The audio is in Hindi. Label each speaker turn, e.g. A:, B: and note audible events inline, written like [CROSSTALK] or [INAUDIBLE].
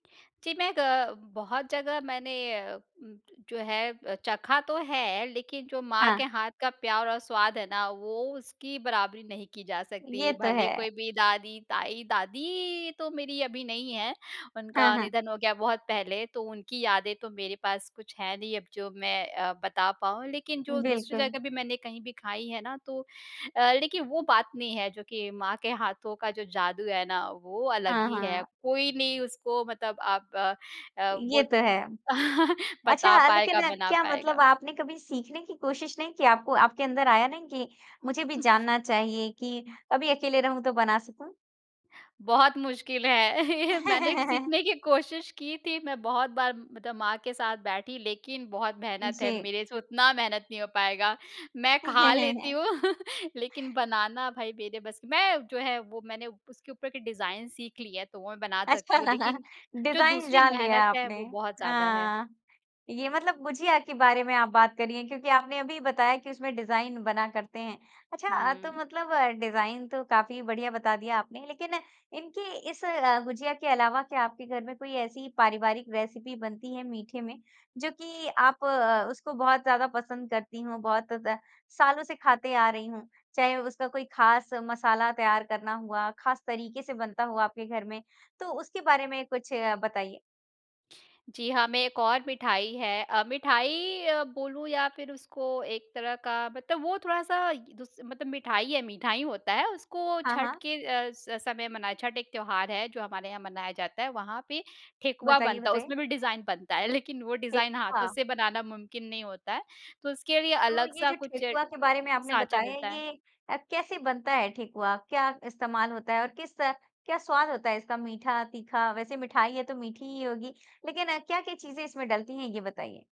A: जी, मैं ग बहुत जगह मैंने ज जो है चखा तो है, लेकिन जो माँ
B: हाँ।
A: के हाथ का प्यार और स्वाद है ना, वो उसकी बराबरी नहीं की जा सकती।
B: ये तो
A: भले
B: है।
A: कोई भी दादी, ताई दादी तो मेरी अभी नहीं है।
B: हाँ,
A: उनका
B: हाँ।
A: निधन हो गया बहुत पहले तो उनकी यादें तो मेरे पास कुछ है नहीं अब जो मैं अ, बता पाऊँ। लेकिन जो दूसरी
B: बिल्कुल।
A: जगह भी मैंने कहीं भी खाई है ना तो अ, लेकिन वो बात नहीं है, जो कि माँ के हाथों का जो जादू है ना वो अलग
B: हाँ,
A: ही है।
B: हाँ।
A: कोई नहीं उसको मतलब आप अ अ,
B: ये तो है।
A: [CHUCKLES] वो
B: अच्छा
A: बता
B: अ, लेकिन
A: पाएगा, बना
B: क्या मतलब
A: पाएगा।
B: आपने कभी सीखने की कोशिश नहीं की? आपको आपके अंदर आया नहीं कि मुझे भी जानना चाहिए कि कभी अकेले रहूँ तो बना सकूँ।
A: बहुत मुश्किल है। मैंने भी
B: [CHUCKLES]
A: सीखने की कोशिश की थी। मैं बहुत बार मतलब माँ के साथ बैठी, लेकिन बहुत मेहनत है,
B: जी।
A: मेरे से उतना मेहनत नहीं हो पाएगा। मैं खा लेती
B: [CHUCKLES]
A: हूँ [CHUCKLES] लेकिन बनाना भाई मेरे बस मैं जो है वो मैंने उसके ऊपर के डिज़ाइन सीख ली है, तो वो मैं बना
B: अच्छा
A: सकती हूँ। लेकिन जो
B: डिज़ाइन
A: दूसरी
B: जान लिया
A: मेहनत
B: है
A: है
B: आपने।
A: वो बहुत ज़्यादा है।
B: अ, ये मतलब गुजिया के बारे में आप बात करिए क्योंकि आपने अभी बताया कि उसमें डिज़ाइन बना करते हैं। अच्छा अ, तो
A: हुँ।
B: मतलब डिज़ाइन तो काफ़ी बढ़िया बता दिया आपने। लेकिन इनकी इस अ, गुजिया के अलावा क्या आपके घर में कोई ऐसी पारिवारिक रेसिपी बनती है मीठे में जो कि आप अ, उसको बहुत ज़्यादा पसंद करती हों बहुत सालों से खाते आ रही हूँ? चाहे उसका कोई ख़ास मसाला तैयार करना हुआ, ख़ास तरीके से बनता हुआ आपके घर में, तो उसके बारे में कुछ बताइए।
A: जी हाँ, मैं एक और मिठाई है। अ, मिठाई अ, बोलूँ या फिर उसको एक तरह का मतलब वो थोड़ा-सा य दुस मतलब मिठाई है, मीठा ही होता है। उसको
B: हाँ,
A: छठ
B: हाँ।
A: के अ, स समय मना छठ एक त्योहार है जो हमारे यहाँ मनाया जाता है। वहाँ पे ठेकुआ
B: बताइए,
A: बनता है।
B: बताइए।
A: उसमें भी डिज़ाइन बनता है। लेकिन वो डिज़ाइन हाथों
B: ठेकुआ।
A: से बनाना मुमकिन नहीं होता है। तो उसके लिए
B: तो ये
A: अलग-सा
B: जो
A: कुछ
B: ठेकुआ के बारे में आपने
A: साँचा
B: बताया
A: मिलता है।
B: ये अ, कैसे बनता है ठेकुआ? क्या इस्तेमाल होता है और किस क्या स्वाद होता है इसका मीठा, तीखा? वैसे मिठाई है तो मीठी ही होगी। लेकिन क्या-क्या चीज़ें इसमें डलती हैं ये बताइए?